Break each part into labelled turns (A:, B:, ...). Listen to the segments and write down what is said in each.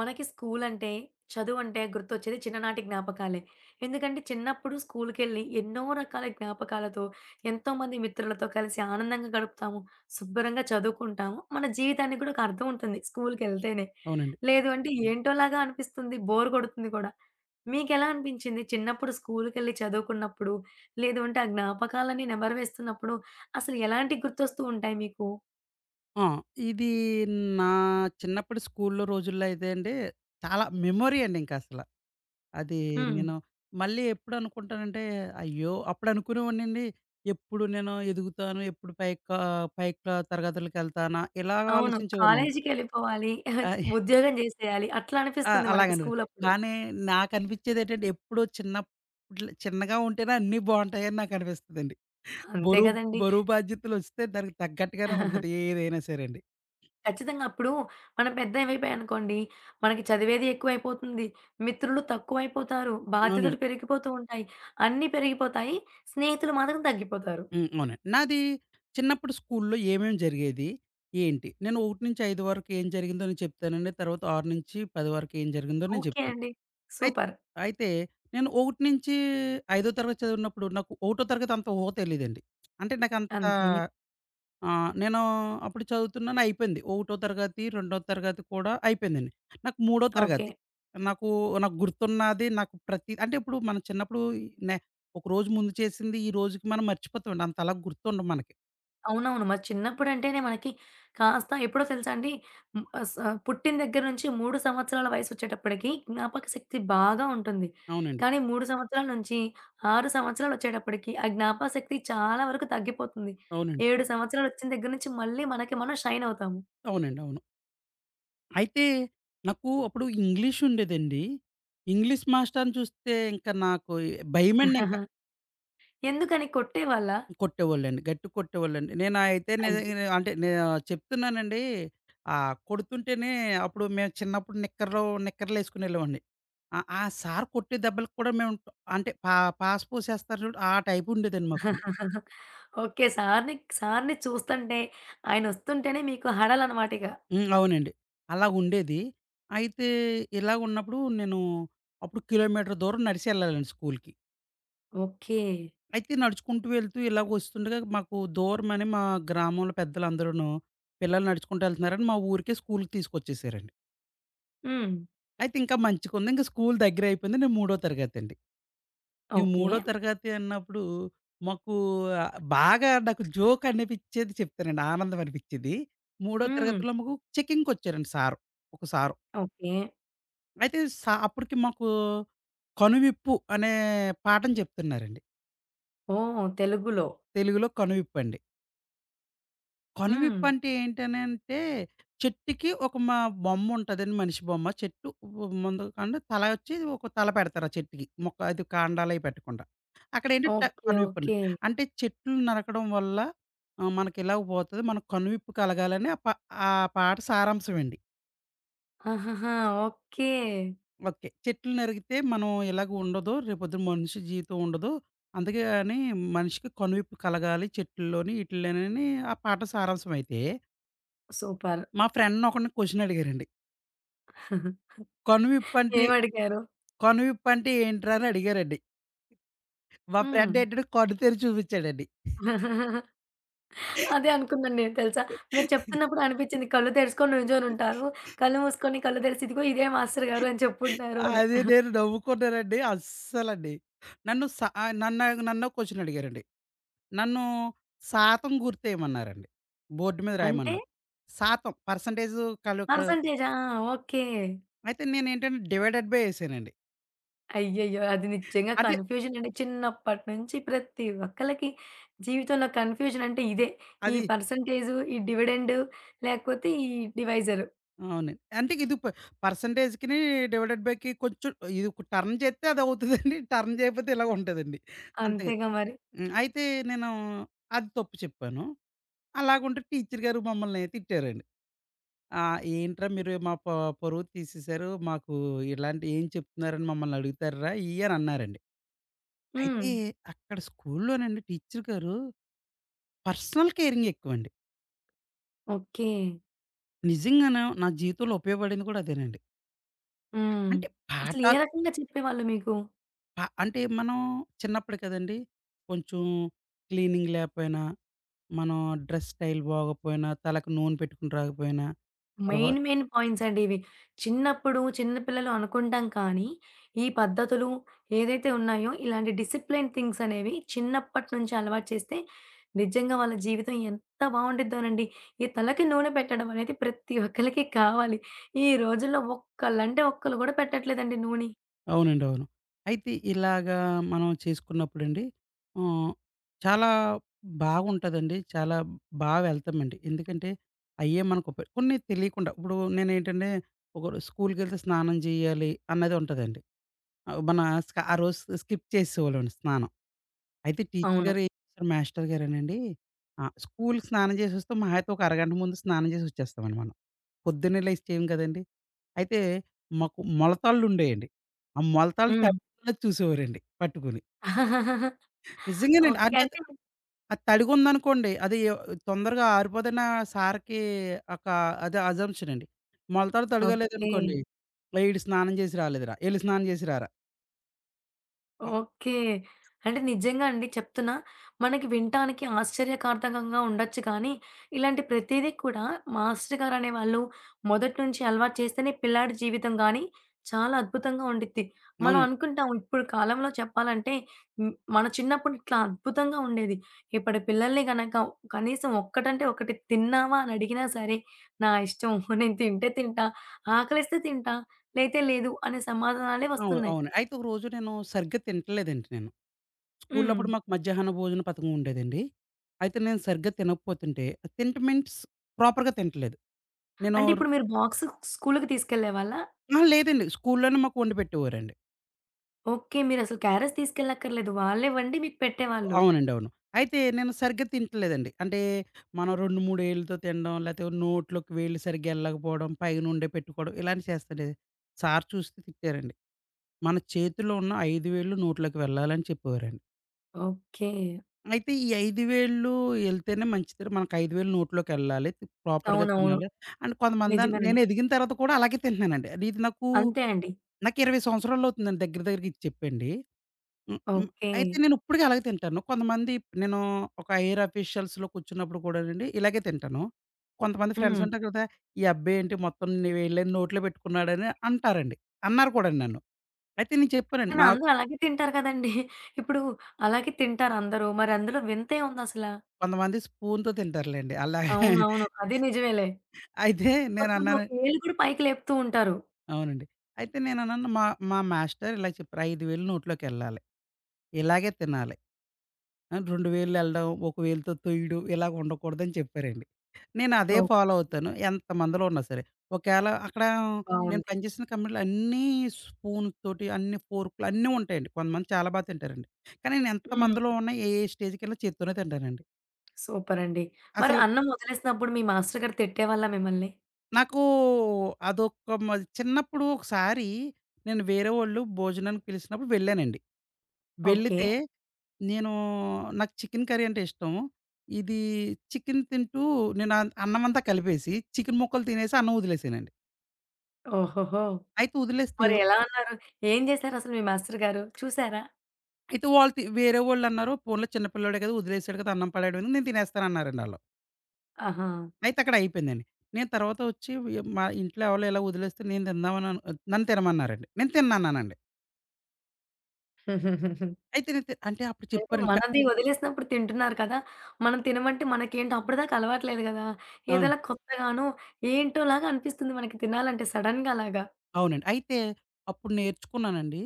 A: మనకి స్కూలంటే, చదువంటే గుర్తొచ్చేది చిన్ననాటి జ్ఞాపకాలే. ఎందుకంటే చిన్నప్పుడు స్కూలు‌కెళ్లి ఎన్నో రకాల జ్ఞాపకాలతో, ఎంతోమంది మిత్రులతో కలిసి ఆనందంగా గడుపుతాము. శుభ్రంగా చదువుకుంటాము. మన జీవితానికి కూడా ఒక అర్థం ఉంటుంది స్కూలుకెళ్తేనే.
B: అవునండి.
A: లేదు అంటే ఏంటోలాగా అనిపిస్తుంది బోర్ కొడుతుంది గూడా. మీకెలా అనిపించింది చిన్నప్పుడు స్కూలు‌కేళ్లి చదువుకున్నప్పుడు? లేదు అంటే ఆ జ్ఞాపకాలన్నీ నెమరు వేస్తున్నప్పుడు. అసలు ఎలాంటి గుర్తొస్తూ ఉంటాయి మీకు?
B: ఆ! ఇది నా చిన్నప్పడి స్కూల్లో రోజుల్లో అయితే అండి చాలా మెమోరీ అండి ఇంకా అసల. అది
A: హ్మ్.
B: నేను మళ్ళీ ఎప్పుడనుకుంటానంటే అయ్యో! అప్పుడు అనుకునేవాన్నండీ ఎప్పుడు నేను ఎదుగుతాను? ఎప్పుడు పైకా పై క్లా తరగతులకెళ్తానా ఇలాగ
A: అవును.
B: ఆలోచించేవాన్నండీ.
A: కాలేజీ‌కెళ్ళిపోవాలి
B: ఆ!
A: ఉద్యోగం జేసేయాలి అట్లా
B: ఆ!
A: అనిపిస్తుంది మనకు
B: అలాగనిపిచ్చి
A: స్కూలప్పుడు.
B: కానీ నాకనిపిచ్చేదేంటంటే ఎప్పుడూ చిన్నప్ [unintelligible] చిన్నగా ఉంటేనే అన్నీ బావుంటాయని నాకు అనిపిస్తదండి.
A: అంతే
B: బరువు
A: గదండీ!
B: బరువు బాధ్యతలు ఒస్తే దానికి తగ్గట్టుగానే ఉంటది ఏదైనా సరే అండి.
A: ఖచ్చితంగా. అప్పుడు మనం పెద్దవి అయిపోయాం అనుకోండి మనకి చదివేది ఎక్కువయిపోతుంది, మిత్రులు తక్కువయిపోతారు,
B: అవునండి.
A: బాధ్యతలు పెరిగిపోతూ ఉంటాయి. అన్ని పెరిగిపోతాయి. స్నేహితులు మాత్రం తగ్గిపోతారు.
B: హ్మ్, అవునండి. నాది చిన్నప్పుడు స్కూల్లో ఏమేం జరిగేది? ఏంటి? నేను 1-5 వరకు ఏం జరిగిందో నేను చెప్తానండి. తర్వాత 6-10 వరకు ఏం జరిగిందో నేను
A: ఓకే
B: చెప్తాను.
A: అండి.
B: అయిత్
A: సూపర్.
B: అయితే నేను 1 నుంచి ఐదో తరగతి చదివినప్పుడు నాకు ఒకటో తరగతి అంత ఊహ తెలీదండి. అంటే నాకు అంత
A: అంతే.
B: ఆహ్, నేను అప్పుడు చదువుతున్నాను అయిపోయింది. ఒకటో తరగతి, రెండో తరగతి కూడా అయిపోయిందండి. నాకు మూడో
A: ఓకే.
B: తరగతి నాకూ, నాకు గుర్తున్నది నాకు ప్రతి అంటే, ఇప్పుడు మనం చిన్నప్పుడు నే ఒకరోజు ముందు చేసింది ఈరోజుకి మనం మర్చిపోతామండి అంతలా గుర్తుండదు మనకి.
A: అవునవును. మరి చిన్నప్పుడంటేనే మనకి కాస్త ఎప్పుడో తెలుసాండీ? మ్ అస పుట్టిన దగ్గర నుంచి 3 సంవత్సరాల వయస్సోచ్చేటప్పటికి, జ్ఞాపకశక్తి బాగా ఉంటుంది.
B: అవునండి.
A: కానీ 3 సంవత్సరాల నుంచి 6 సంవత్సరాలొచ్చేటప్పటికి ఆ జ్ఞాపకశక్తి చాలా వరకు తగ్గిపోతుంది.
B: అవునండి.
A: 7 సంవత్సరాలొచ్చిన దగ్గర నుంచి మళ్ళీ మనకి మనం షైన్ అవుతాము.
B: అవునండి. అవును. అయితే నాకు అప్పుడు ఇంగ్లీష్ ఉండేదండి. ఇంగ్లీష్ మాస్టరుని చూస్తే ఇంకా నాకు భయమండింక.
A: ఎందుకని? కొట్టేవాళ్ళా?
B: కొట్టేవాళ్ళండి. గట్టిగా కొట్టేవాళ్ళండి. నేను అయితే
A: అయ్యో!
B: నేను అంటే నేను చెప్తున్నానండి, ఆ కొడుతుంటేనే, అప్పుడు మేము చిన్నప్పుడు నిక్కర్లు నిక్కర్లేసుకొనెళ్ళేవాడిని. ఆ! ఆ సారు కొట్టే దెబ్బలకి కూడా మేము అంటే పా పాసు పోసేస్తారు చూడు, ఆ టైపుండేదండి మాకు.
A: ఓకే. సారుని సారుని చూస్తంటే, ఆయనొస్తుంటేనే మీకు హడలన్నమాటిగ?
B: హ్మ్. అవునండి. అలా ఉండేది. అయితే ఇలాగున్నప్పుడు నేను, అప్పుడు కిలోమీటర్ దూరం నడిచెళ్ళాలండి స్కూలుకి.
A: ఓకే.
B: అయితే నడుచుకుంటూ వెళ్తూ ఇలాగొస్తుండగా మాకు దూరమని మా గ్రామంలో పెద్దలందరూను, పిల్లలు నడుచుకుంటూ ఎళ్తున్నారని మా ఊరికే స్కూలు తీసుకొచ్చేసారండి.
A: హ్మ్.
B: అయితే ఇంకా మంచిగుంది ఇంక స్కూలు దగ్గరైపోయింది. నేను మూడో తరగతండి. ఈ
A: ఓకే.
B: మూడో తరగతి అన్నప్పుడు మాకు బాగా నాకు జోక్ అనిపిచ్చేది చెప్తానండి ఆనందం అనిపించేది. మూడో
A: హ్మ్.
B: తరగతిలో మాకు చెకింగ్‌‌‌కొచ్చారండి సారు, ఒక సారు.
A: ఓకే.
B: అయితే సా అప్పటికి మాకు కనువిప్పు అనే పాఠం చెప్తున్నారండి.
A: ఓహ్! తెలుగులో.
B: తెలుగులో కనువిప్పండి.
A: హ్మ్.
B: కనువిప్పంటే ఏంటనంటే చెట్టుకి ఒక మా బొమ్ముంటదని మనిషి బొమ్మ. చెట్టు ముందు అండి తల ఒచ్చి ఒక తల పెడతారు ఆ చెట్టుకి. మొక్క అది కాండాలయి పెట్టకుండా. అక్కడేంటంటే
A: ఓకే.
B: కనువిప్పని.
A: ఓకే.
B: అంటే చెట్లు నరకడం వల్ల ఆహ్, మనకెలాగో పోతది. మనకు కనువిప్పు కలగాలని ఆ ప ఆ పాట సారాంశం అండి.
A: ఆహహా! ఓకే.
B: ఓకే. చెట్లు నరికితే మనం ఇలాగ ఉండదు రేపు పొద్దున మనిషి జీవితం ఉండదు. అందుకే గాని మనిషికి కనువిప్పు కలగాలి చెట్లల్లోని ఈటిల్లోని అని ఆ పాట సారాంశమైతే...
A: సూపర్!
B: మా ఫ్రెండ్‌ని ఒకడిని క్వెషన్ అడిగారండి. కనువిప్పంటే
A: ఏమడిగారు?
B: కనువిప్పంటే ఏంట్రా? అని అడిగారండి. మా ఫ్రెండ్
A: హ్మ్.
B: ఏంటంటే కన్ను తెరిచి చూపించాడండి.
A: అదే అనుకున్నాను నేను తెలుసా. మీరు చెప్తున్నప్పుడు అనిపిచ్చింది కళ్ళు తెరుచుకొని నిల్చొనుంటారు. కళ్ళు మూసుకొని కళ్ళు తెరిచి ఇదిగో ఇదే మాస్టర్‌గారు అని చెప్పుంటారని.
B: అది నేను నవ్వుకున్నానండి అస్సలండి. నన్ను సా ఆహ్, నన్ను నన్నో ఒక క్వెషన్ అడిగారండి. నన్ను శాతం గుర్తేయమన్నారండి. బోర్డ్ మీద
A: అంటే
B: రాయమన్నారు. శాతం పర్సెంటేజు కలు ఆహ్
A: పర్సెంటేజా? ఓకే.
B: అయితే నేనేంటంటే డివైడెడ్ బై ఏసానండి.
A: అయ్యయ్యో! అది నిజ్జంగా
B: అదే.
A: కన్ఫ్యూజనంటే, చిన్నప్పటి నుంచి ప్రతి ఒక్కళ్ళకి, జీవితంలో కన్ఫ్యూజనంటే ఇదే. ఈ
B: అది.
A: పర్సెంటేజు, ఈ డివిడెండ్ లేకపోతే ఈ డివైజరు.
B: అవునండి. అంటే ఇది ప పర్సెంటేజికిని, డివైడెడ్ బైకి కొంచెం, ఇది టర్న్ జేత్తే అదవుతుందండి. టర్న్ జేయకపోతే ఇలాగుంటదండి. అంతేగ.
A: అంతేగా మరి.
B: హ్మ్. అయితే నేను, అది తప్పు చెప్పాను. అలాగుంటే టీచరు గారు మమ్మల్ని తిట్టారండి. ఆహ్, ఏంట్రా మీరు మా ప పరువు తీసేసారు, మాకు ఇలాంటివి ఏం చెప్తున్నారని మమ్మల్ని అడుగుతార్రా? ఇయ్యని అన్నారండి అయితే
A: హ్మ్.
B: అక్కడ స్కూలు‌లోనండి టీచర్ గారు, పర్సనల్ కేరింగేక్కువండి.
A: ఓకే.
B: నిజంగాను, నా జీవితంలో ఉపయోగపడింది గూడా అదేనండి.
A: హ్మ్.
B: అంటే
A: అసలు ఏ
B: పాఠాలు
A: రకంగా చెప్పేవాళ్ళు మీకు?
B: ప అంటే మనం, చిన్నప్పుడు కదండి! కొంచెం క్లీనింగ్ లేపోయినా, మనం డ్రెస్ స్టైల్ బాగోకపోయినా, తలకి నూనె పెట్టుకొని రాకపోయినా తర్వా
A: మెయిన్, మెయిన్ పాయింట్సండివి. చిన్నప్పుడు, చిన్న పిల్లలు అనుకుంటాం కానీ, ఈ పద్ధతులు ఏదైతే ఉన్నాయో? ఇలాంటి డిసిప్లేన్ థింగ్సనేవి చిన్నప్పటి నుంచి అలవాటు చేస్తే, నిజంగా వాళ్ళ జీవితం ఎంత బావుండిద్దోనండి. ఈ తలకి నూనె పెట్టడం అనేది, ప్రతి ఒక్కళ్ళకి కావాలి. ఈ రోజుల్లో ఒక్కల్లంటే ఒక్కలు కూడా, పెట్టట్లేదండి నూని.
B: అవునండి. అవును. అయితే ఇలాగా, మనం చేసుకున్నప్పుడండి. హ్మ్. చాలా బాగుంటదండి. చాలా బా వెళ్తామండి. ఎందుకంటే, అయ్యే మనకు పె కొన్ని తెలియకుండా. ఇప్పుడు నేనేంటంటే ఒక రొ స్కూలుకెళ్తే స్నానం జేయ్యాలి అనేది ఉంటదండి. మనం స్క ఆరోజు స్కిప్ చేసేవాళ్ళవండి స్నానం. అయితే టీచర్
A: అవును.
B: గారు ఏం చేస్తారు. మాస్టర్ గారేనండి. ఆహ్, స్కూల్‌కి స్నానం జేసేసి వస్తాం. మహా అయితే ఒక అరగంట ముందు స్నానం జేసి వచ్చేస్తామండి మనం. పొద్దున్నే లేచి చేయం కదండి! అయితే మాకు మొలతాళ్లు ఉండేయండి. ఆ మొలతాళ్ళు త
A: హ్మ్.
B: [unintelligible] చూసేవారండి పట్టుకుని.
A: ఆ!
B: నిజంగానండి.
A: ఓకే.
B: అంతే త
A: అంటే మీరు
B: ఆ తడిగుందనుకోండి. అది తొందరగా ఆరిపోదన్న సార్‌కి, ఒక అదే అజంప్షనండి. మొలతాడు
A: ఓకే.
B: తడిగలేదనుకోండి. వీడు స్నానం జేసి రాలేదురా! ఎళ్ళి స్నానం జేసి రారా! అవ్
A: ఓకే. అంటే నిజంగాండి చెప్తున్నా. మనకి వినటానికి ఆశ్చర్యకార్ధకంగా ఉండచ్చు కానీ, ఇలాంటి ప్రతీదీ కూడా, మాస్టర్ గారనేవాళ్ళు. మొదటి నుంచి అలవాటు చేస్తేనే, పిల్లాడి జీవితం గానీ, చాలా అద్భుతంగా ఉండిద్ది. మనం
B: అవునండి.
A: అనుకుంటాం, ఇప్పుడు కాలంలో చెప్పాలంటే హ్మ్. మన చిన్నప్పుడు ఇట్లా అద్భుతంగా ఉండేది. ఇప్పటి పిల్లల్ని గనక కనీసం ఒక్కటంటే ఒక్కటి తిన్నావా అని అడిగినా సరే! నా ఇష్టం. నేను తింటే తింటా. ఆకలేస్తే తింటా, లేతే లేదు. అనే సమాధానాలే
B: అవును.
A: వస్తున్నాయి.
B: అవును. అయితే ఒకరోజు నేను, సరిగ్గా తింటల్లెదండి నేను. స్కూల్లో అప్పుడు
A: హ్మ్.
B: మాకు మజ్యహన్నా భోజన పథకం ఉండేదండి. అయితే నేను సరిగ్గా తినకపోతుంటే తింటం మీన్స్ ప్రాపర్‌గా తినట్లేదు
A: అంటే
B: నేనోర్
A: ఇప్పుడు మీరు బాక్సు, స్కూళ్ళకి తీసకెళ్ళేవాళ్ళా?
B: ఆహా! లేదండి. స్కూల్‌లోనే మాకు వండి పెట్టేవారండి.
A: ఓకే. మీరసలు క్యారేజ్ తీసుకెళ్లక్కర్లేదు వాళ్ళే వండి మీకు పెట్టేవాళ్ళు.
B: అవునండి. అవును. అయితే నేను సరిగ్గా తింట్లేదండి అంటే, మనం 2, 3 వేళ్ళుతో తినడం లేతే నోట్లోకి వేళ్లు సరిగ్గా యెళ్ళకపోవడం పైనుండే పెట్టుకోవడం ఇలాంటివి చేస్తండే, సారు చూస్తే తిట్టారండి. "మన చేతిలో ఉన్న 5 వేళ్ళు నోట్లోకి వెళ్ళాలి" అని చెప్పేవారండి.
A: ఓకే.
B: అయితే ఈ 5 వేళ్ళు ఎళ్తేనే మంచిదండి మనకు 5 వేళ్లు నోట్లోకెళ్ళాలి ప్రాపర్‌గా
A: అవునవును.
B: తినాలి. అంటే కొంతమంది
A: నిజమేనండి.
B: నేను ఎదిగిన తర్వాత కూడా అలాగే తింటున్నానండి. అది ఇది నాకు
A: అంతే అండి.
B: నాకు 20 సంవత్సరాలవుతుందండి దగ్గర దగ్గరగా ఇది చెప్పండి. హ్మ్. హ్మ్.
A: ఓకే.
B: అయితే నేను ఇప్పడుకి అలాగే తింటాను. కొంతమంది నేను ఒక హైయర్ ఆఫీషియల్స్‌లో కూర్చున్నప్పుడు కూడానండి, ఇలాగే తింటాను. కొంతమంది ఫ్రెండ్స్
A: హ్మ్.
B: ఉంటారు కదా! ఈ అబ్బాయి ఏంటి మొత్తం అన్నీ వేళ్ళని నోట్లో పెట్టుకున్నాడని అంటారండి. అన్నారు కూడానండి నన్ను. అయితే నేను చెప్పానండి
A: కానీ
B: నాక్
A: అందరు అలాగే తింటారు కదండీ. ఇప్పుడు అలాగే తింటారందరు. మరందులో వింతేముందసల?
B: కొంతమంది స్పూనుతో తింటారులేండి. అలా
A: అవునవును. అది నిజమేలే.
B: అయితే
A: కొంతమంది ఒక
B: నేనన్నాన
A: యేలు కూడా పైకి లేపుతుంటారు.
B: అవునండి. అయితే నేనన్నాను. మా మా మాస్టరు ఇలా చెప్పారు. 5 వేళ్లు నోట్లోకెళ్ళాలి. ఇలాగే తినాలి. ఆహ్, 2 వేళ్లు వెళ్ళడం, ఒక వేలుతో తొయ్యడం ఇలా ఉండకూడదని చెప్పారండి. నేను అదే
A: ఓహ్!
B: ఫాలో అవుతాను. ఎంతమందిలో ఉన్నా సరే. ఒకేళ అక్కడ నేను
A: బావుంది.
B: పనిచేసిన కంపెనీలో అన్నీ స్పూనుతోటి అన్నీ ఫోర్కులు అన్నీ ఉంటాయండి. కొంతమంది చాలా బా తింటారండి. కానీ
A: హ్మ్.
B: నేనెంతమందిలో ఉన్నా ఏ స్టేజీకేళ్ళినా చేత్తోనే తింటానండి.
A: సూపర్ అండి. మరి
B: అసలు
A: అన్నం ఒదిలేసినప్పుడు మీ మాస్టరుగారు తిట్టేవాళ్ళ మిమ్మల్ని?
B: నాకు అదొక మా చిన్నప్పుడు ఒకసారి నేను వేరేవాళ్ళు భోజనానికి పిలిసినప్పుడు వెళ్ళానండి.
A: ఓకే.
B: వెళ్ళితే నేను నాకు చికెను కర్రీ అంటే ఇష్టం. ఇది చికెను తింటూ నేను అన్ అన్నమంతా కలిపేసి చికెను ముక్కలు తినేసి అన్నం ఒదిలేసానండి.
A: ఓహోహో!
B: అయితే ఒదిలేస్తే
A: మరి ఎలా అన్నారు? ఏం జేసారసలు మీ మాస్టరుగారు చూసారా?
B: అయితే వాళ్ళు తి వేరే వాళ్ళన్నారు పోనీలే చిన్న పిల్లోడే గదా! ఒదిలేసాడు గదా! అన్నం పడేయడం ఎందుకు నేను తినేస్తానన్నారండి ఆళ్ళు.
A: ఆహా!
B: అయితే అక్కడ అయిపోయిందండి. నేను తరువాత ఒచ్చి వ్ య మా ఇంట్లో ఎవలో ఇలా ఒదిలేస్తే నేను తిందాం అను నన్ను తినమన్నారండి. నేను తిన్నన్నానండి. అయితే నేను తిన్ అంటే అప్పుడు
A: అంటే
B: చెప్పారండి. క
A: మనది ఒదిలేసినప్పుడు తింటున్నారు కదా! మనం తినమంటే మనకేంటి అప్పడిదాకా అలవాటు లేదు గదా!
B: అవును.
A: ఏదైనా కొత్తగానో ఏంటో లాగనిపిస్తుంది మనకి తినాలంటే సడెన్‌గా అలాగా.
B: అవునండి. అయితే అప్పుడు నేర్చుకున్నానండి.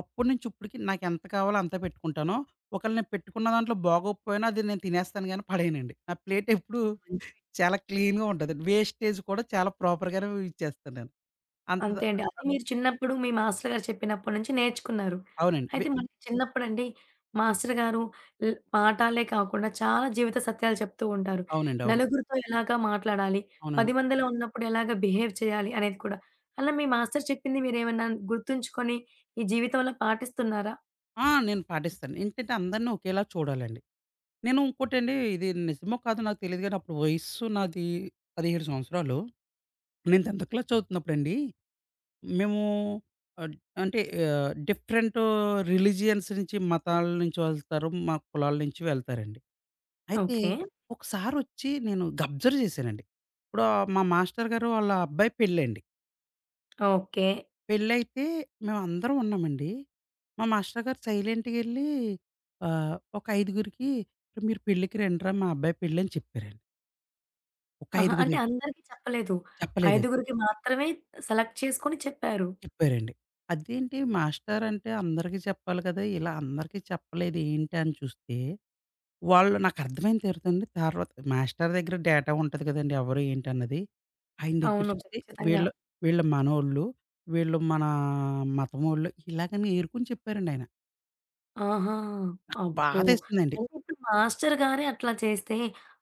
B: అప్పుడి నుంచి ఇప్పడికి నాకెంత కావాలో అంతే పెట్టుకుంటాను. ఒకేళ నేను పెట్టుకున్న దాంట్లో బాగోకపోయినా అది నేను తినేస్తాను గాని పడేయనండి. నా ప్లేటెప్పుడూ
A: మంచివి
B: చాలా క్లీన్‌గా ఉంటది. వేస్టేజ్ కూడా చాలా ప్రాపర్‌గానే యూజ్ చేస్తా నేను. అంత ద
A: అంతే అండి. అది
B: [unintelligible]
A: మీరు చిన్నప్పుడు మీ మాస్టరుగారు చెప్పినప్పడి నుంచి నేర్చుకున్నారు.
B: అవునండి. వే
A: అయితే మరి చిన్నప్పుడండి, మాస్టరుగారు ల్ పాఠాలే కాకుండా చాలా జీవిత సత్యాలు చెప్తూ ఉంటారు.
B: అవునండి. అవును.
A: నలుగురితో ఎలాగా మాట్లాడాలి? 10
B: అవునండి.
A: మందిలో ఉన్నప్పుడు ఎలాగా బిహేవ్ చేయాలి? అనేది కూడా అలా మీ మాస్టరు చెప్పింది మీరేమనా గుర్తుంచుకొని ఈ జీవితంలో పాటిస్తున్నారా?
B: ఆ! నేను పాటిస్తాను. ఎందుకంటే? అందరిని ఒకేలా చూడాలండి. నేను ఇంకోటండి, ఇది నిజమో కాదో నాకు తెలియదు. గానీ, అప్పుడు వయస్సు నాది 17 సంవత్సరాలు. నేను 10థ్ క్లాస్ చదువుతున్నప్పుడండి. మేము అంట్ అంటే డిఫరెంటు రిలిజియన్స్ నుంచి, మతాల నుంచి వెళ్తారు. మా కులాల నుంచి వెళ్తారండి. అయితే
A: ఓకె.
B: ఒకసారొచ్చి నేను గబ్జర్వ్ జేశానండి, ఇప్పుడు ఆహ్, మా మాస్టరు గారు వాళ్ళ, అబ్బాయి పెళ్లండి.
A: ఓకె.
B: పెళ్లైతే మేమందరం ఉన్నామండి. మా మాస్టర్ గారు సైలెంట్‌గేల్లి, ఆహ్, ఒక ఐదుగురికి, మీరు పెళ్ళికి రండిరా, మా అబ్బాయి పెళ్ళని చెప్పారండి. ఒక
A: ఆహా! అంటే,
B: ఐదుగురు.
A: అందరికి చెప్పలేదు.
B: చెప్పలేదు.
A: ఐదుగురికి మాత్రమే, సెలెక్ట్ చేసుకొని చెప్పారు.
B: చెప్పారండి. అదేంటి మాస్టరంటే అందరికి చెప్పాలి కదా! ఇలా అందరికి చెప్పలేదేంటి అని చూస్తే, వాళ్ళు నాకు అర్థమైన తర్వాతండి. తర్వాత, మాస్టర్ దెగ్గర డేటా ఉంటది గదండీ! ఎవరు ఏంటన్నది. ఆయన దగ్గర
A: అవును.
B: చూస్తే,
A: ఖచ్చితంగా.
B: వీళ్ళు వీళ్ళు మనోళ్ళు. వీళ్ళు మన మతం వోళ్ళు. ఇలాగని ఏరుకొని చెప్పారండి ఆయన.
A: ఆహా! అబ్బో!
B: బాధేసిందండి.
A: అయితే ఇప్పుడు మాస్టరు గారే అట్లా చేస్తే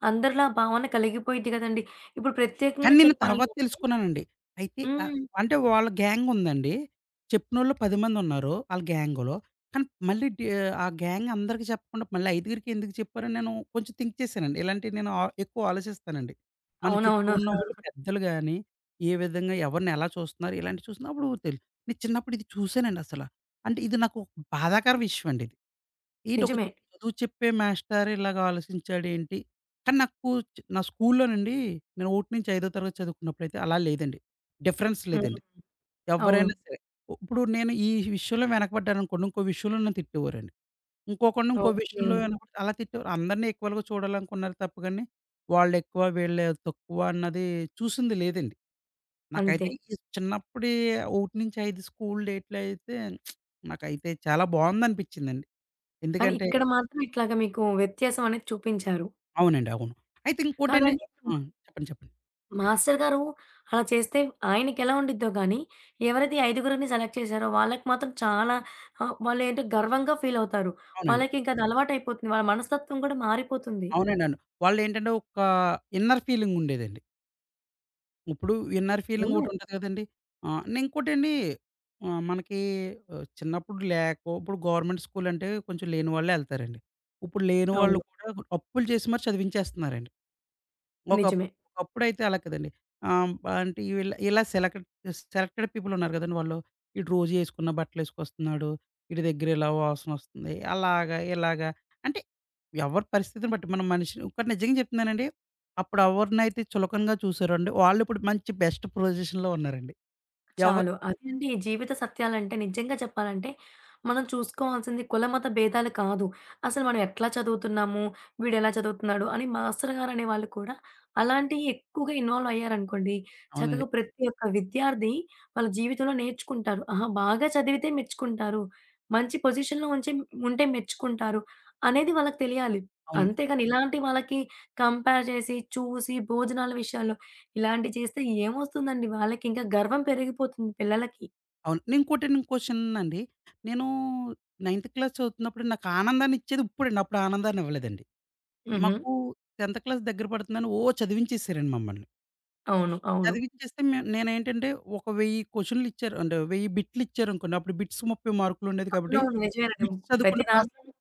A: అందరిలో ఆ భావన కలిగిపోయిద్ది గదండీ! ఇప్పుడు
B: కానీ
A: ప్రత్యేకంగా
B: నేను
A: చెప్పాలి
B: తర్వాత
A: అంటే
B: తెలుసుకున్నానండి. అయితే ఆహ్,
A: హ్మ్.
B: అంటే వాళ్ళ గ్యాంగుందండి. చెప్పినోళ్ళు 10 మందున్నారు ఆళ్ళ గ్యాంగ్‌లో. కానీ మళ్ళీ డీ ఆహ్, ఆ గ్యాంగ్ అందరికి చెప్పకుండా మళ్ళీ ఐదుగురికెందుకు చెప్పారని నేను కొంచెం థింక్ చేసానండి. ఇలాంటియి నేను ఆహ్, ఎక్కువ ఆలోచిస్తానండి. మన చుట్టూ
A: అవునవును.
B: ఉన్న వాళ్ళు పెద్దలు గాని, ఏ విధంగా ఎవరిని ఎలా చూస్తన్నారు, ఇలాంటివి చూస్తున్న అప్పుడు తెలు నేను చిన్నప్పుడు ఇది చూసానండసల. అంటే ఇది నాకు ఒక బాధాకర విషయండిది. ఏంటొక
A: నిజమే.
B: చదువు చెప్పే మాస్టరు ఇలాగ ఆలోచించాడేంటి. కానీ నాకు స్కూ నా స్కూలులోనండి నేను 1 నుంచి ఐదో తరగతి చదువుకున్నప్పుడైతే అలా లేదండి. డిఫరెన్స్
A: హ్మ్.
B: లేదండి.
A: అవును.
B: ఎవ్వరైనా సరే. ఉప్పుడు నేను ఈ విషయంలో వెనకబడ్డాననుకోండి ఇంకో విషయంలో నన్ను తిట్టేవారండి. ఇంకొకడిని ఇంకో విషయంలో
A: ఓకే.
B: వెనకపడితే అలా తిట్టేవారు. అందరిని ఈక్వల్‌గా చూడాలనుకున్నారు తప్ప గాని వాళ్ళు ఎక్కువ, వీళ్ళు తక్కువ అన్నది చూసింది లేదండి.
A: అంతే.
B: నాకైతే ఈ చిన్నప్పుడే 1-5 స్కూలు డేట్‌లో అయితే నాకైతే చాలా బావుందనిపించిందండి.
A: కానీ
B: ఎందుకంటే
A: ఇక్కడ మాత్రం ఇట్లాగా మీకు వ్యత్యాసం అనేది చూపించారు.
B: అవునండి. అవును. అయితే ఇంకోటండి
A: కాదండి ఇప్పుడు
B: ఆ!
A: మా
B: చెప్పండి చెప్పండి.
A: మాస్టర్ గారు అలా చేస్తే, ఆయనకి ఎలా ఉండిద్దో గానీ, ఎవరిది ఈ ఐదుగురిని సెలెక్ట్ చేసారో, వాళ్ళకి మాత్రం చాలా ఆ! వాళ్ళేంటో గర్వంగా ఫీలవుతారు.
B: అవునండి.
A: వాళ్ళకి ఇంకా అది అలవాటయిపోతుంది. వాళ్ళ మనస్తత్వం కూడా మారిపోతుంది.
B: అవునండవును. వాళ్ళేంటంటే ఓక ఇన్నర్ ఫీలింగుండేదండి. ఇప్పుడు ఇన్నర్
A: అవును.
B: ఫీలింగోకటి ఉంటది కదండి! ఆహ్, ఇంకోటండి ఆహ్, మనకి ఆహ్, చిన్నప్పుడు లేకో, ఇప్పుడు గవర్నమెంట్ స్కూలంటే కొంచెం లేని వాళ్ళే ఎళ్తారండి. ఇప్పుడు లేని వాళ్ళు
A: అవును.
B: కూడా, అప్పులు జేసిమరి చదివించేస్తున్నారండి. ఒకప్పు
A: నిజమే.
B: ఒకప్పుడైతే అలా కాదండి. ఆహ్, అంటే ఇలా ఇలా సెలెక్డ్ సెలెక్టెడ్ పీపులున్నారు కదండి! వాళ్ళు వీడు రోజేసుకున్న బట్టలేసుకొస్తున్నాడు. ఈడి దెగ్గర ఇలా వాసన వస్తుంది. అలాగా, ఇలాగ అంటే ఎవరి పరిస్థితిని బట్టి, మనం మనిషిని ఒకటి నిజంగా చెప్తున్నానండి. అప్పుడు అవరనైతే చులకంగా చూసారోండి. వాళ్ళు ఇప్పుడు మంచి బెస్ట్ ప్రొజిషన్‌లో ఉన్నారండి. ఎవర్
A: చాలు. అదెండి. జీవిత సత్యాలంటే నిజంగా చెప్పాలంటే, మనం చూసుకోవాల్సింది కులమత భేదాలు కాదు. అసలు మనం ఎట్లా చదువుతున్నాము, వీడేలా చదువుతున్నాడు, అని మాస్టర్ గారనే వాళ్ళు కూడా, అలాంటియి ఎక్కువగా ఇన్వాల్వయ్యారనుకోండి.
B: అవునండి.
A: చక్కగా ప్రతి ఒక్క విద్యార్థి, వాళ్ళ జీవితంలో నేర్చుకుంటారు. ఆహ! బాగా చదివితే మెచ్చుకుంటారు. మంచి పొజిషన్‌లో ఉంచే ఉంటే మెచ్చుకుంటారు. అనేది వాళ్ళకి తెలియాలి.
B: అవునండి.
A: అంతేగాని, ఇలాంటి వాళ్ళకి కంపేర్ జేసి, చూసి. భోజనాల విషయాల్లో, ఇలాంటివి చేస్తేమోస్తుందండి. వాళ్ళకి ఇంకా గర్వం పెరిగిపోతుంది పిల్లలకి.
B: అవును. ఇంకోటండి. క్వశ్చన్ అండి. నేను నైన్త్ క్లాస్ చదువుతున్నప్పుడు నాకు ఆనందాన్నిచ్చేది, ఇప్పుడండి అప్పుడు ఆనందాన్ని ఇవ్వలేదండి.
A: హుహు.
B: మాకు 10త్ దగ్గర పడుతుందని ఓ చదివించేసారండి మమ్మల్ని.
A: అవును. అవును.
B: చదివిచ్చేస్తే మే నేనేంటంటే ఒక 1000 కొషనులిచ్చారు అంటే 1000 బిట్లిచ్చారనుకోండి, అప్పుడు బిట్స్ 30 మార్కులుండేది కాబట్టి
A: అవునవును. నిజమేనండి.
B: బిట్స్
A: ప్రతి
B: చదువుకుంటే పాస్
A: దాంట్లోను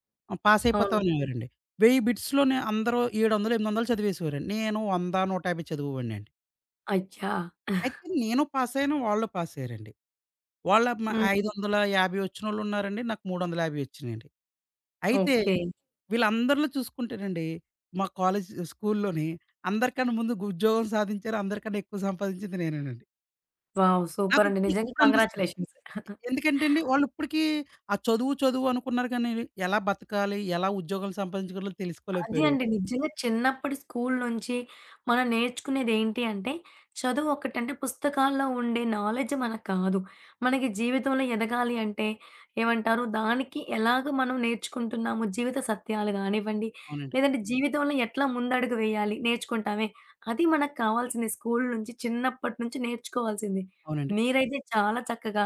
B: పాస్
A: అవును.
B: అయిపోతావనేవారండి. 10౦౦ బిట్స్‌లోనే అందరూ 700, 800 చదివేసేవారండి. నేను 100, 150 చదివేవాడినండి.
A: అచ్చా!
B: అయితే నేను పాసయ్యాను. వాళ్ళు పాసయ్యారండి. వాళ్ళేమో ఐదు
A: హ్మ్.
B: వందల యాభై ఒచ్చినోళ్ళు ఉన్నారండి. నాకు 350 ఒచ్చినియండి. అయితే
A: ఓకే.
B: వీళ్ళందరిలో చూసుకుంటేనండి, మా కాలేజ్, స్కూల్‌లోని అందరికన్నా ముందు గుద్యోగం సాధించారు, అందరికన్నా ఎక్కువ సంపాదించింది నేనేనండి.
A: వావ్! సూపర్ అండి.
B: నాకిప్పుడు,
A: నిజ్జంగా,
B: ఇప్పుడనిపిస్తుంది.
A: కంగ్రాచ్యులేషన్స్.
B: ఎందుకంటేండి. వాళ్ళు ఇప్పటికి ఆ చదువు, చదువు అనుకున్నారు గాని, ఎలా బతకాలి? ఎలా ఉద్యోగం సంపాదించగలాలో
A: అది
B: తెలుసుకోలేకపోయారు.
A: అండి. నిజ్జంగా చిన్నప్పటి స్కూల్ నుంచి మనం నేర్చుకునేదేంటి అంటే, చదువు ఒకటి. అంటే, పుస్తకాల్లో ఉండే నాలెడ్జ్ మనకి కాదు. మనకి జీవితంలో ఎదగాలి అంటే, ఏమంటారు? దానికి ఎలాగా మనం నేర్చుకుంటున్నాము? జీవిత సత్యాలు గానివ్వండి,
B: అవునండి.
A: లేదంటే జీవితంలో ఎట్లా ముందడుగు వేయాలి నేర్చుకుంటామే, అది మనకు కావాల్సింది. స్కూల్ నుంచి చిన్నప్పటి నుంచి నేర్చుకోవాల్సింది.
B: అవునండి.
A: మీరైతే చాలా చక్కగా,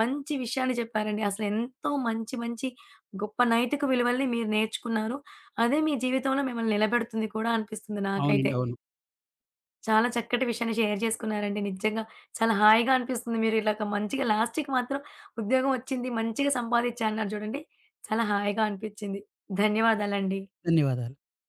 A: మంచి విషయాన్ని చెప్పారండి. అసలు ఎంతో మంచి, మంచి గొప్ప నైతిక విలువలని మీరు నేర్చుకున్నారు. అదే మీ జీవితంలో మిమ్మల్ని నిలబెడుతుంది కూడా అనిపిస్తుంది నాకైతే.
B: అవునండి. అవును.
A: చాలా చక్కటి విషయాన్ని షేర్ జేసుకున్నారండి. నిజ్జంగా చాలా హాయిగానిపిస్తుంది, మీరు ఇలాగ మంచిగా లాస్ట్‌కి మాత్రం ఉద్యోగం ఒచ్చింది మంచిగా సంపాదిచ్చాను అన్నారు జూడండి. చాలా హాయిగా అనిపిచ్చింది. ధన్యవాదాలండి.
B: ధన్యవాదాలు.